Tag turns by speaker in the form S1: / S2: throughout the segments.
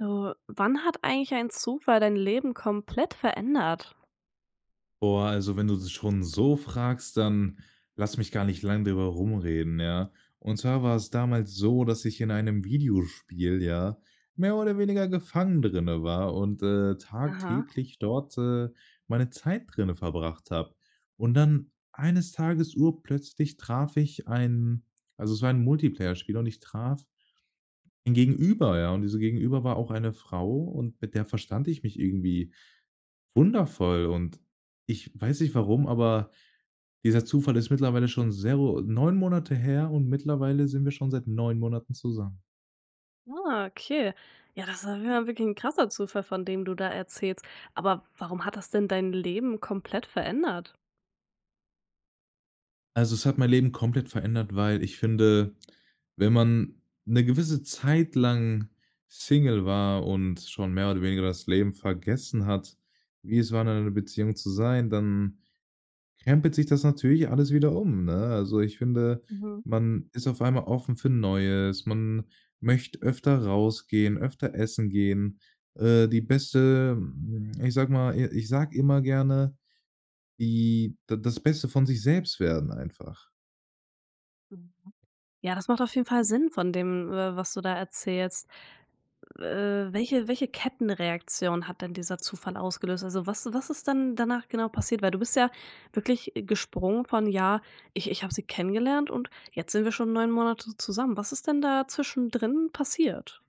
S1: Du, wann hat eigentlich ein Zufall dein Leben komplett verändert?
S2: Boah, also wenn du das schon so fragst, dann lass mich gar nicht lang drüber rumreden, ja? Und zwar war es damals so, dass ich in einem Videospiel, ja, mehr oder weniger gefangen drinne war und, äh,
S1: Aha.
S2: tagtäglich dort, äh, meine Zeit drinne verbracht habe. Und dann eines Tages, urplötzlich traf ich einen also es war ein Multiplayerspiel und ich traf ein Gegenüber, ja. Und dieser Gegenüber war auch eine Frau und mit der verstand ich mich irgendwie wundervoll. Und, ich weiß nicht warum, aber dieser Zufall ist mittlerweile schon so 9 Monate her und mittlerweile sind wir schon seit 9 Monaten zusammen.
S1: Ah, okay, ja das war ja mal wirklich 'n krasser Zufall von dem du da erzählst, aber warum hat das denn dein Leben komplett verändert?
S2: Also, es hat mein Leben komplett verändert, weil ich finde, wenn man 'ne gewisse Zeit lang Single war und schon mehr oder weniger das Leben vergessen hat, wie es war, in einer Beziehung zu sein, dann krempelt sich das natürlich alles wieder um ne? Also ich finde,
S1: Mhm.
S2: man ist auf einmal offen für Neues. Man möchte öfter rausgehen, öfter essen gehen. Äh, die Beste, ich sage mal i ich sage immer gerne, die da das Beste von sich selbst werden einfach.
S1: [unintelligible] Ja, das macht auf jeden Fall Sinn von dem, äh, was du da erzählst. Äh, welche welche Kettenreaktion hat denn dieser Zufall ausgelöst? Also was was ist denn danach genau passiert, weil du bist ja wirklich, äh, gesprungen von: „Ja, ich ich habe sie kennengelernt und jetzt sind wir schon 9 Monate zusammen.“ Was ist denn da zwischendrin passiert?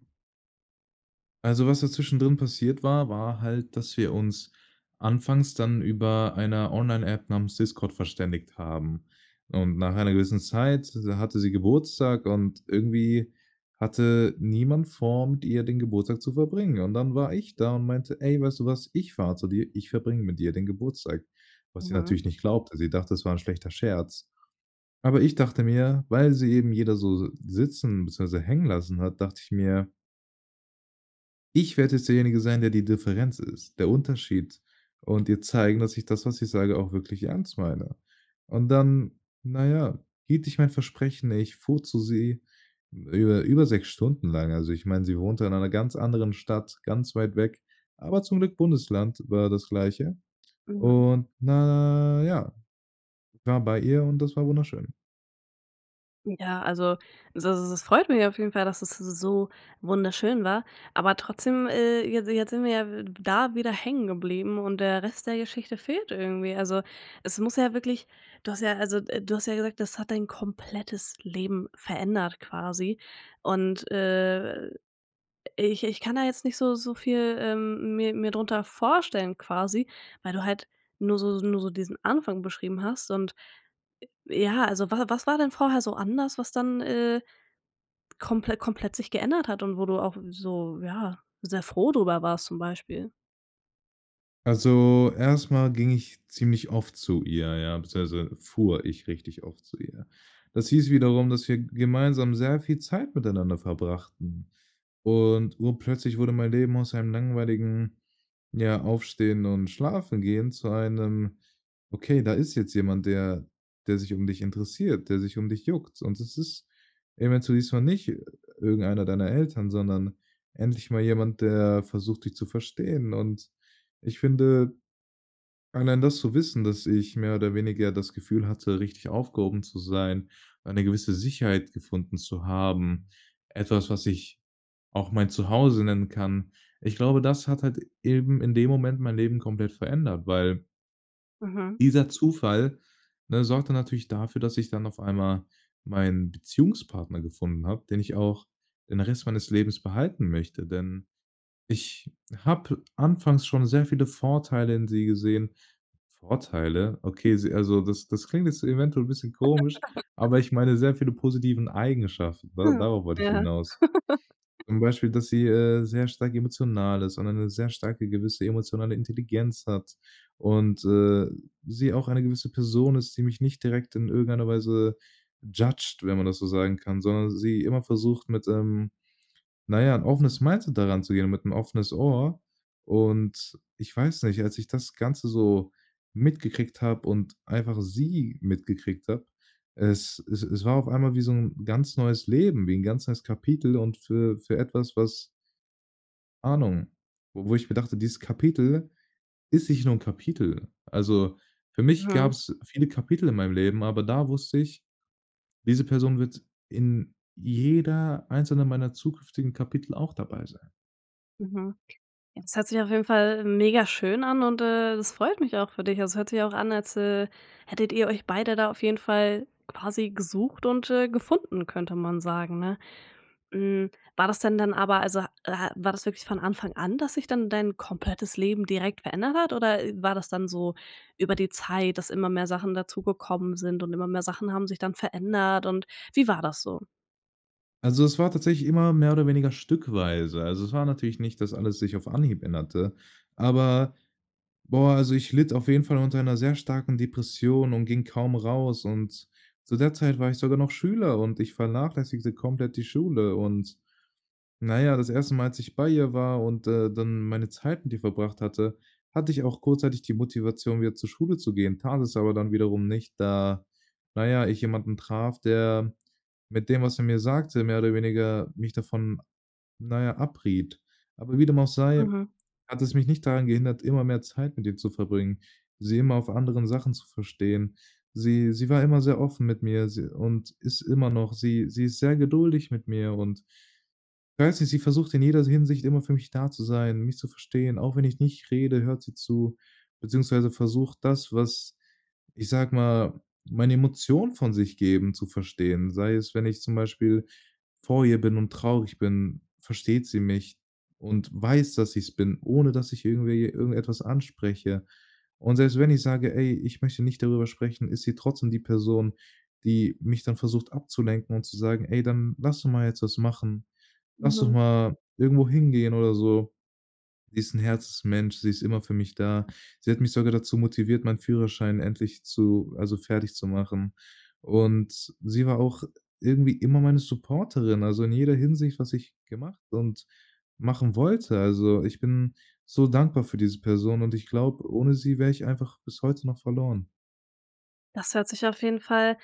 S2: Also, was da zwischendrin passiert war, war halt, dass wir uns anfangs dann über einer Online App namens Discord verständigt haben. Und, nach einer gewissen Zeit, da hatte sie Geburtstag und irgendwie hatte niemand vor, mit ihr den Geburtstag zu verbringen und, dann war ich da und meinte: „Ey, weißt du was, ich fahre zu dir, ich verbringe mit dir den Geburtstag“, was sie
S1: Mhm.
S2: natürlich nicht glaubte. Sie dachte, das war 'n schlechter Scherz, aber ich dachte mir, weil sie eben jeder so so sitzen, beziehungsweise hängen lassen hat, dachte ich mir ich werde jetzt derjenige sein, der die Differenz ist, der Unterschied und ihr zeigen, dass ich das, was ich sage, auch wirklich ernst meine. Und dann, na ja, hielt ich mein Versprechen, ich fuhr zu sie, hm, über über 6 Stunden lang. Also ich meine, sie wohnte in einer ganz anderen Stadt, ganz weit weg, aber zum Glück Bundesland war das Gleiche.
S1: Mhm.
S2: Und, na ja, war bei ihr und das war wunderschön.
S1: Ja, also das s freut mich ja auf jeden Fall, dass es so wunderschön war, aber trotzdem, äh, je jetzt sind wir ja w da wieder hängen geblieben und der Rest der Geschichte fehlt irgendwie, also, es muss ja wirklich du hast ja, also äh, du hast ja gesagt, das hat dein komplettes Leben verändert quasi und, äh, ich ich kann da jetzt nicht so so viel, ähm, mir mir drunter vorstellen quasi, weil du halt nur so nur so diesen Anfang beschrieben hast und äh, ja, also wa was war denn vorher so anders, was dann, äh, komple komplett sich geändert hat und wo du auch f so ja sehr froh drüber warst zum Beispiel?
S2: Also, erst mal ging ich ziemlich oft zu ihr, ja, beziehungsweise fuhr ich richtig oft zu ihr. Das hieß wiederum, dass wir gemeinsam sehr viel Zeit miteinander verbrachten. Und, urplötzlich wurde mein Leben aus einem langweiligen, ja, Aufstehen und Schlafengehen zu einem, okay, da ist jetzt jemand, der der sich um dich interessiert, der sich um dich juckt. Und das ist eventuell dieses mal nicht i irgendeiner deiner Eltern, sondern endlich mal jemand, der versucht, dich zu verstehen. Und ich finde, allein das zu wissen, dass ich mehr oder weniger das Gefühl hatte, richtig aufgehoben zu sein, eine gewisse Sicherheit gefunden zu haben, etwas, was ich auch mein Zuhause nennen kann. Ich glaube, das hat halt, eben in dem Moment mein Leben komplett verändert, weil
S1: Mhm.
S2: dieser Zufall, ne, sorgte natürlich dafür, dass ich dann auf einmal meinen Beziehungspartner gefunden habe, den ich auch den Rest meines Lebens behalten möchte, denn ich habe anfangs schon sehr viele Vorteile in sie gesehen. Vorteile? Okay, sie also das das klingt jetzt eventuell 'n bisschen komisch, aber ich meine sehr viele positiven Eigenschaften, ne?
S1: Hm.
S2: Darauf wollte ich
S1: Ja.
S2: hinaus. Zum Beispiel, dass sie, äh, sehr stark emotional ist und eine sehr starke gewisse emotionale Intelligenz hat und, äh, sie auch eine gewisse Person ist, die mich nicht direkt in irgendeiner Weise, judged, wenn man das so sagen kann, sondern sie immer versucht mit, ähm, na ja, 'n offenes Mindset da ranzugehen und mit 'n offenes Ohr. Und ich weiß nicht, als ich das Ganze so mitgekriegt habe und einfach sie mitgekriegt habe, es es es war auf einmal wie so 'n ganz neues Leben, wie 'n ganz neues Kapitel und für für etwas, was Ahnung, wo wo ich mir dachte, dieses Kapitel ist nicht nur 'n Kapitel. Also, für mich
S1: Mhm.
S2: gab's viele Kapitel in meinem Leben, aber da wusste ich, diese Person wird in jeder einzelne meiner zukünftigen Kapitel auch dabei sein.
S1: Mhm, jetzt hört sich auf jeden Fall megaschön an und, äh, es freut mich auch für dich, also hört sich ja auch an als, äh, hättet ihr euch beide da auf jeden Fall quasi „gesucht und, äh, gefunden“, könnte man sagen, ne? Hm, war das denn dann aber, also ha äh, ha war das wirklich von Anfang an, dass sich dann dein komplettes Leben direkt verändert hat oder, äh, war das dann so über die Zeit, dass immer mehr Sachen dazugekommen sind und immer mehr Sachen haben sich dann verändert und wie war das so?
S2: Also, es war tatsächlich immer mehr oder weniger stückweise. Also, es war natürlich nicht, dass alles sich auf Anhieb änderte, aber boah, also ich litt auf jeden Fall unter 'ner sehr starken Depression und ging kaum raus. Und zu der Zeit war ich sogar noch Schüler und ich vernachlässigte komplett die Schule und, na ja, das 1. Mal, als ich bei ihr war und, äh, dann meine Zeit mit ihr verbracht hatte, hatte ich auch kurzzeitig die Motivation wieder zur Schule zu gehen, tat es aber dann wiederum nicht, da, na ja, ich jemanden traf, der mit dem, was er mir sagte, mehr oder weniger mich davon, na ja, abriet. Aber wie dem auch sei,
S1: Mhm.
S2: hat es mich nicht daran gehindert, immer mehr Zeit mit ihr zu verbringen, sie immer auf anderen Sachen zu verstehen. Sie sie war immer sehr offen mit mir si und ist immer noch. Sie sie ist sehr geduldig mit mir und weiß nicht, sie versucht in jeder s Hinsicht immer für mich da zu sein, mich zu verstehen, auch wenn ich nicht rede, hört sie zu, beziehungsweise versucht das, was, ich sage mal, meine Emotionen von sich geben, zu verstehen. Sei es, wenn ich zum Beispiel vor ihr bin und traurig bin, versteht sie mich und weiß, dass ich es bin, ohne dass ich irgendwie irgendetwas anspreche. Und selbst wenn ich sage: „Ey, ich möchte nicht darüber sprechen“, ist sie trotzdem die Person, die mich dann versucht abzulenken und zu sagen: „Ey, dann lass doch mal jetzt was machen. Lass doch
S1: Mhm.
S2: mal irgendwo hingehen oder so“. Sie ist 'n Herzensmensch, sie ist immer für mich da. Sie hat mich sogar dazu motiviert, meinen Führerschein endlich zu also fertigzumachen. Und sie war auch irgendwie immer meine Supporterin, also in jeder Hinsicht, was ich gemacht und machen wollte. Also, ich bin so dankbar für diese Person und ich glaube, ohne sie wäre ich einfach bis heute noch verloren.
S1: Das hört sich auf jeden Fall,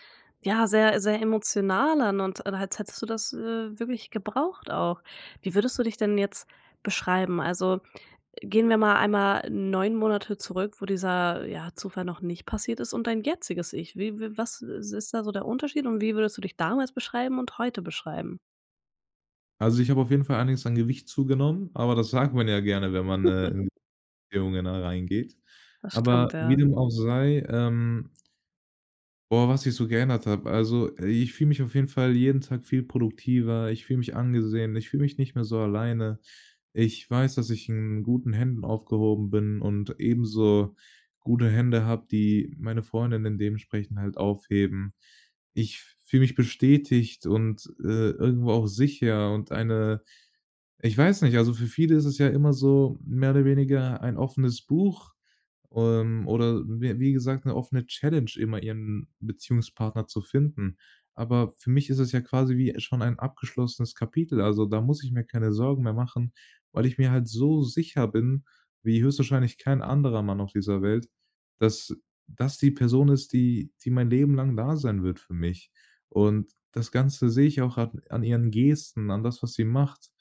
S1: ja, sehr sehr emotional an und als hättest du das, äh, wirklich gebraucht auch. Wie würdest du dich denn jetzt beschreiben? Also, gehen wir mal einmal 9 Monate zurück, wo dieser, ja, Zufall noch nicht passiert ist und dein jetziges ich. Wie wie was, äh, ist da so der Unterschied und wie würdest du dich damals beschreiben und heute beschreiben?
S2: Also, ich habe auf jeden Fall einiges an Gewicht zugenommen, aber das sagt man ja gerne, wenn man, äh, in [unintelligible] reingeht.
S1: Das stimmt,
S2: Aber wie
S1: ja.
S2: dem auch sei, ähm boah, was ich so geändert habe. Also, i ich fühle mich auf jeden Fall jeden Tag viel produktiver, ich fühle mich angesehen, ich fühle mich nicht mehr so alleine. Ich weiß, dass ich in guten Händen aufgehoben bin und ebenso gute Hände habe, die meine Freundin in dementsprechend halt aufheben. Ich f fühle mich bestätigt und, äh, irgendwo auch sicher und eine ich weiß nicht, also für viele ist es ja immer so, mehr oder weniger ein offenes Buch, ähm, oder wie wie gesagt, 'ne offene Challenge, immer ihren Beziehungspartner zu finden. Aber für mich ist es ja quasi wie schon ein abgeschlossenes Kapitel. Also, da muss ich mir keine Sorgen mehr machen, weil ich mir halt so sicher bin wie höchstwahrscheinlich kein anderer Mann auf dieser Welt, dass das die Person ist, die die mein Leben lang da sein wird für mich. Und das Ganze sehe ich auch an an ihren Gesten, an das, was sie macht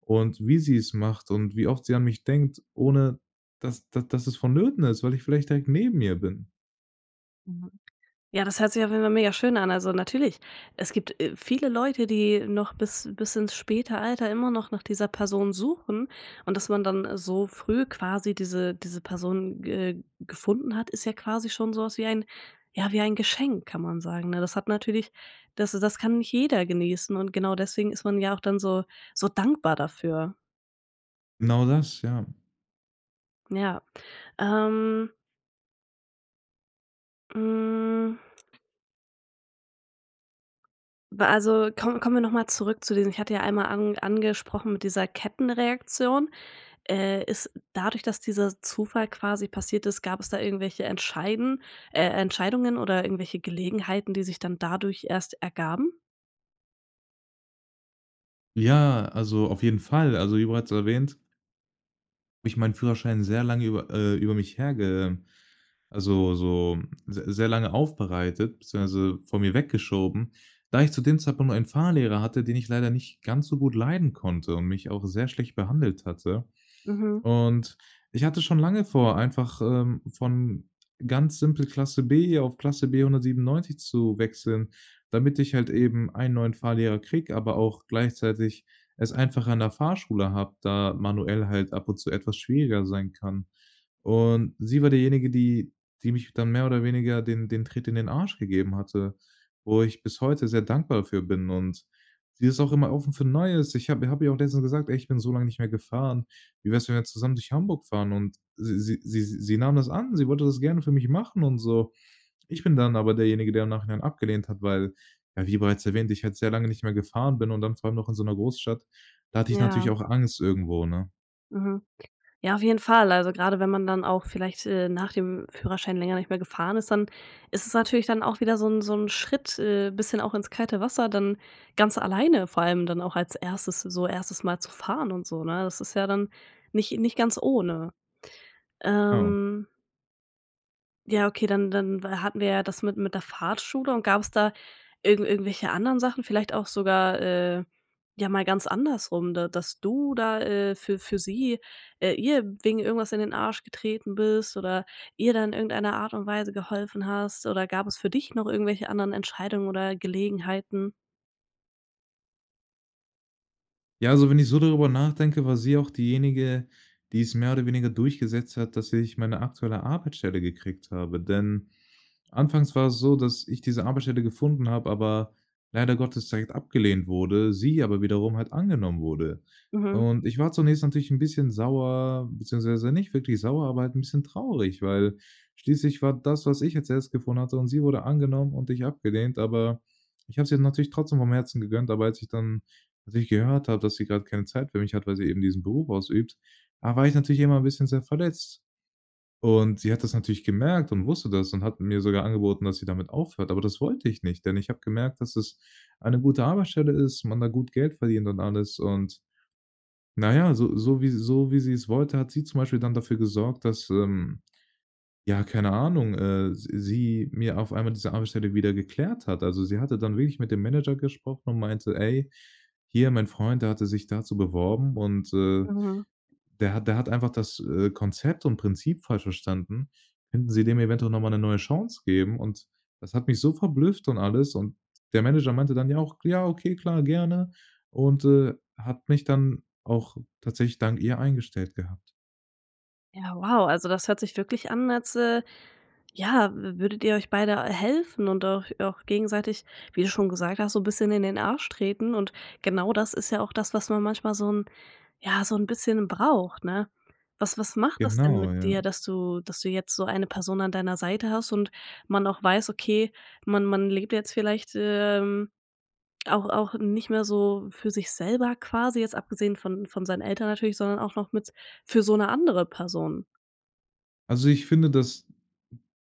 S2: und wie sie es macht und wie oft sie an mich denkt, ohne dass da dass es vonnöten ist, weil ich vielleicht direkt neben ihr bin.
S1: Mhm. Ja, das hört sich auf jeden Fall mega schön an. Also natürlich, es gibt, äh, viele Leute, die noch bis bis ins späte Alter immer noch nach dieser Person suchen und dass man dann, äh, so früh quasi diese diese Person ge gefunden hat, ist ja quasi schon so was wie ein ja wie ein Geschenk, kann man sagen, ne? Das hat natürlich, das äh, das kann nicht jeder genießen und genau deswegen ist man ja auch dann so so dankbar dafür.
S2: Genau das. Ja.
S1: Ja. Ähm hm Bei also, komm kommen wir noch mal zurück zu diesen ich hatte ja einmal an angesprochen mit dieser Kettenreaktion. Äh, ist dadurch, dass dieser Zufall quasi passiert ist, gab es da irgendwelche entscheiden äh, Entscheidungen oder irgendwelche Gelegenheiten die sich dann dadurch erst ergaben?
S2: Ja, also auf jeden Fall. Also, wie bereits erwähnt habe ich meinen Führerschein sehr lange über äh, über mich herge also, so se sehr lange aufbereitet, beziehungsweise vor mir weggeschoben, da ich zu dem Zeitpunkt einen Fahrlehrer hatte, den ich leider nicht ganz so gut leiden konnte und mich auch sehr schlecht behandelt hatte.
S1: Mhm.
S2: Und, ich hatte schon lange vor, einfach, ähm, von ganz simpel Klasse B hier auf Klasse B 197 zu wechseln, damit ich halt eben einen neuen Fahrlehrer kriege, aber auch gleichzeitig es einfacher an der Fahrschule habe, da manuell halt ab und zu etwas schwieriger sein kann. Und, sie war diejenige, die die mich dann mehr oder weniger den den Tritt in den Arsch gegeben hatte, wo ich bis heute sehr dankbar für bin und sie ist auch immer offen für Neues. Ich habe habe ihr auch letztens gesagt: „Ey, ich bin so lange nicht mehr gefahren. Wie wär's, wenn wir zusammen durch Hamburg fahren“? Und sie sie sie sie nahm das an. Sie wollte das gerne für mich machen und so. Ich bin dann aber derjenige, der im Nachhinein abgelehnt hat, weil ja, wie bereits erwähnt, ich halt sehr lange nicht mehr gefahren bin und dann vor allem noch in so 'ner Großstadt, da hatte ich
S1: Ja.
S2: natürlich auch Angst irgendwo, ne?
S1: Mhm. Ja, auf jeden Fall. Also gerade wenn man dann auch vielleicht, äh, nach dem Führerschein länger nicht mehr gefahren ist, dann ist es natürlich dann auch wieder so 'n so 'n Schritt, äh, bisschen auch ins kalte Wasser, dann ganz alleine vor allem dann auch, als erstes, so 1. Mal zu fahren und so, ne? Das ist ja dann nicht nicht ganz ohne.
S2: Oh.
S1: Ähm Ja, okay, dann dann wa hatten wir ja das mit mit der Fahrschule und gab's da irgend irgendwelche anderen Sachen, vielleicht auch sogar, äh, ja mal ganz andersrum, da dass du da, äh, für für sie, äh ihr wegen irgendwas in den Arsch getreten bist oder ihr dann irgendeiner Art und Weise geholfen hast oder gab es für dich noch irgendwelche anderen Entscheidungen oder Gelegenheiten?
S2: Ja, also wenn ich so darüber nachdenke, war sie auch diejenige, die es mehr oder weniger durchgesetzt hat, dass ich meine aktuelle Arbeitsstelle gekriegt habe, denn anfangs war es so, dass ich diese Arbeitsstelle gefunden habe, aber leider Gottes direkt abgelehnt wurde, sie aber wiederum halt angenommen wurde.
S1: Mhm.
S2: Und, ich war zunächst natürlich 'n bisschen sauer, beziehungsweise nicht wirklich sauer, aber halt 'n bisschen traurig, weil schließlich war das, was ich als Erstes gefunden hatte und sie wurde angenommen und ich abgelehnt, aber, ich habe es ihr natürlich trotzdem vom Herzen gegönnt. Aber, als ich dann als ich gehört habe, dass sie grade keine Zeit für mich hat, weil sie eben diesen Beruf ausübt, da war ich natürlich immer ‘n bisschen sehr verletzt. Und, sie hat das natürlich gemerkt und wusste das und hat mir sogar angeboten, dass sie damit aufhört, aber das wollte ich nicht, denn ich habe gemerkt, dass es eine gute Arbeitsstelle ist, man da gut Geld verdient und alles und, na ja, so so wie so wie sie‘s wollte, hat sie zum Beispiel dann dafür gesorgt, dass, ähm, ja, keine Ahnung, äh, s sie mir auf einmal diese Arbeitsstelle wieder geklärt hat. Also, sie hatte dann wirklich mit dem Manager gesprochen und meinte: „Ey, hier mein Freund, der hatte sich dazu beworben und, äh,
S1: Mhm.
S2: der hat der hat einfach das, äh, Konzept und Prinzip falsch verstanden, könnten Sie dem eventuell noch mal 'ne neue Chance geben?“ Und, das hat mich so verblüfft und alles und der Manager meinte dann ja auch: „Ja, okay, klar, gerne“, und, äh, hat mich dann auch tatsächlich dank ihr eingestellt gehabt.
S1: Ja, wow, also das hört sich wirklich an als, äh, ja w würdet ihr euch beide helfen und auch auch gegenseitig, wie du schon gesagt hast, so bisschen in den Arsch treten und genau das ist ja auch das, was man manchmal so 'n ja, so 'n bisschen braucht, ne? Was was macht das denn
S2: Genau,
S1: mit
S2: ja.
S1: dir, dass du dass du jetzt so eine Person an deiner Seite hast und man auch weiß, okay, man man lebt jetzt vielleicht, ähm, auch auch nicht mehr so für sich selber quasi, jetzt abgesehen von von seinen Eltern natürlich, sondern auch noch mit für so 'ne andere Person?
S2: Also ich finde, das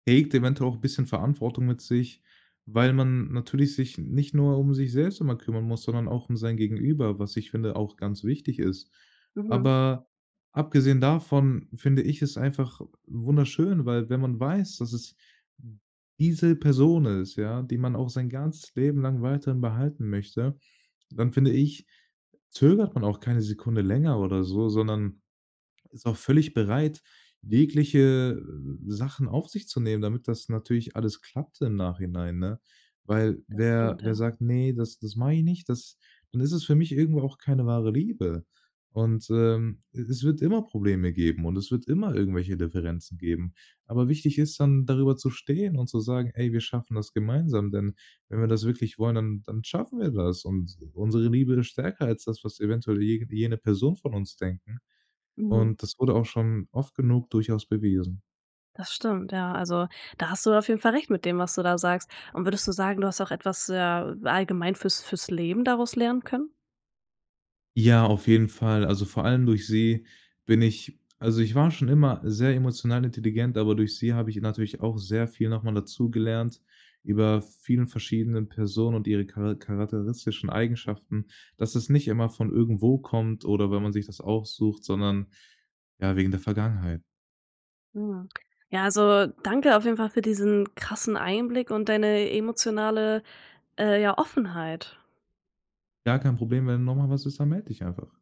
S2: bringt eventuell auch 'n bisschen Verantwortung mit sich, weil man natürlich sich nicht nur um sich selbst immer kümmern muss, sondern auch um sein Gegenüber, was ich finde, auch ganz wichtig ist.
S1: Mhm.
S2: Aber, abgesehen davon, finde ich es einfach wunderschön, weil wenn man weiß, dass es diese Person ist, ja, die man auch sein ganzes Leben lang weiterhin behalten möchte, dann finde ich, zögert man auch keine Sekunde länger oder so, sondern ist auch völlig bereit, jegliche, äh, Sachen auf sich zu nehmen, damit das natürlich alles klappt im Nachhinein, ne? Weil
S1: Das
S2: wer
S1: stimmt,
S2: wer
S1: ja.
S2: sagt: „Ne, das das mache ich nicht“, das dann ist es für mich irgendwo auch keine wahre Liebe. Und, ähm, e es wird immer Probleme geben und es wird immer irgendwelche Differenzen geben. Aber wichtig ist dann, darüber zu stehen und zu sagen: „Ey, wir schaffen das gemeinsam, denn wenn wir das wirklich wollen, dann dann schaffen wir das und unsere Liebe ist stärker als das, was eventuell je jene Person von uns denken“,
S1: Mhm.
S2: und das wurde auch schon oft genug durchaus bewiesen.
S1: Das stimmt, ja. Also, da hast du auf jeden Fall recht mit dem, was du da sagst. Und würdest du sagen, du hast auch etwas, ja, allgemein für's für's Leben daraus lernen können?
S2: Ja, auf jeden Fall. Also vor allem durch sie bin ich also ich war schon immer sehr emotional intelligent, aber durch sie habe ich natürlich auch sehr viel noch mal dazugelernt über vielen verschiedenen Personen und ihre chara charakteristischen Eigenschaften, dass es nicht immer von irgendwo kommt oder wenn man sich das aussucht, sondern ja, wegen der Vergangenheit.
S1: Mhm. Ja, also danke auf jeden Fall für diesen krassen Einblick und deine emotionale, äh, ja Offenheit.
S2: Gar kein Problem, wenn noch mal was ist, dann melde ich einfach.